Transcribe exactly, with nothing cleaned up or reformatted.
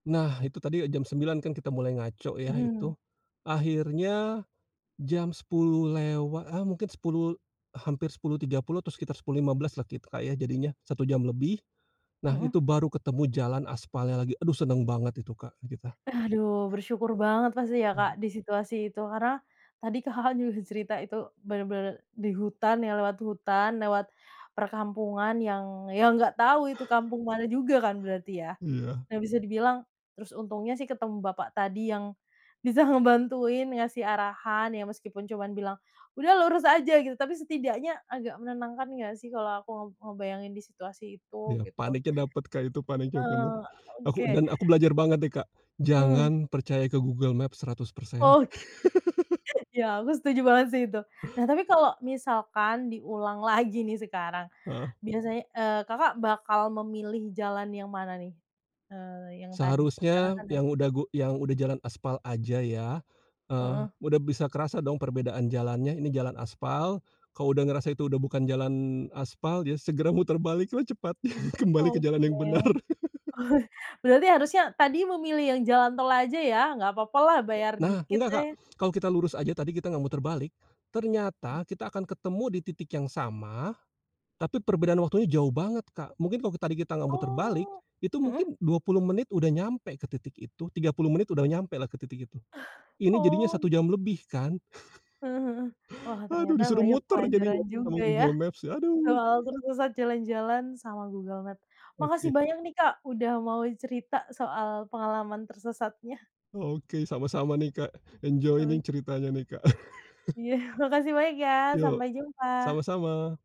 Nah itu tadi ya jam sembilan kan kita mulai ngaco ya Mhm. itu, akhirnya, jam sepuluh lewa ah, mungkin sepuluh, hampir sepuluh tiga puluh atau sekitar sepuluh lima belas kita ya jadinya satu jam lebih, nah Heeh. itu baru ketemu jalan aspalnya lagi, aduh seneng banget itu Kak, kita. Aduh bersyukur banget pasti ya Mhm. Kak, di situasi itu karena, tadi Kakak, juga cerita itu benar-benar di hutan ya lewat hutan lewat perkampungan yang yang nggak tahu itu kampung mana juga kan berarti ya, Iya. nah bisa dibilang terus untungnya sih ketemu bapak tadi yang, bisa ngebantuin ngasih arahan ya meskipun cuma bilang, "Udah lurus aja," gitu tapi setidaknya agak menenangkan nggak sih kalau aku ngeb ngebayangin di situasi itu Iya gitu paniknya dapet Kak, itu paniknya bener, Eee, aku oke. dan aku belajar banget deh Kak, Mhm. jangan percaya ke Google Maps seratus persen. Oke, ya aku setuju banget sih itu nah tapi kalau misalkan diulang lagi nih sekarang, Heeh. biasanya, eee, Kakak, bakal memilih jalan yang mana nih? Eee, yang tadi karena Seharusnya kan.. yang udah [unintelligible] gu yang udah jalan aspal aja ya, eee, Heeh. udah bisa kerasa dong perbedaan jalannya ini jalan aspal, kalau udah ngerasa itu udah bukan jalan aspal ya segera muter baliklah cepat kembali ke jalan Oke, yang benar. oh berarti harusnya tadi memilih yang jalan tol aja ya nggak papa lah bayar Nah dikit, nggak Kak, eh. kalau kita lurus aja tadi kita nggak muter balik, ternyata kita akan ketemu di titik yang sama, tapi perbedaan waktunya jauh banget Kak, mungkin kalau tadi kita nggak muter balik, Oh, itu heeh. mungkin dua puluh menit udah nyampe ke titik itu, tiga puluh menit udah nyampelah ke titik itu, ini jadinya satu [unintelligible] jam lebih kan. Heeh heeh, wah Aduh ternyata disuruh banyak muter jadinya pelajaran sama juga ya, Google Maps, aduh. soal tersesat jalan-jalan sama Google Maps, makasih Oke banyak nih Kak, udah mau cerita soal pengalaman tersesatnya. Oke, sama-sama nih Kak, enjoy nih Oke. ceritanya nih Kak. Iya makasih banyak ya Yok, sampai sama jumpa. sama.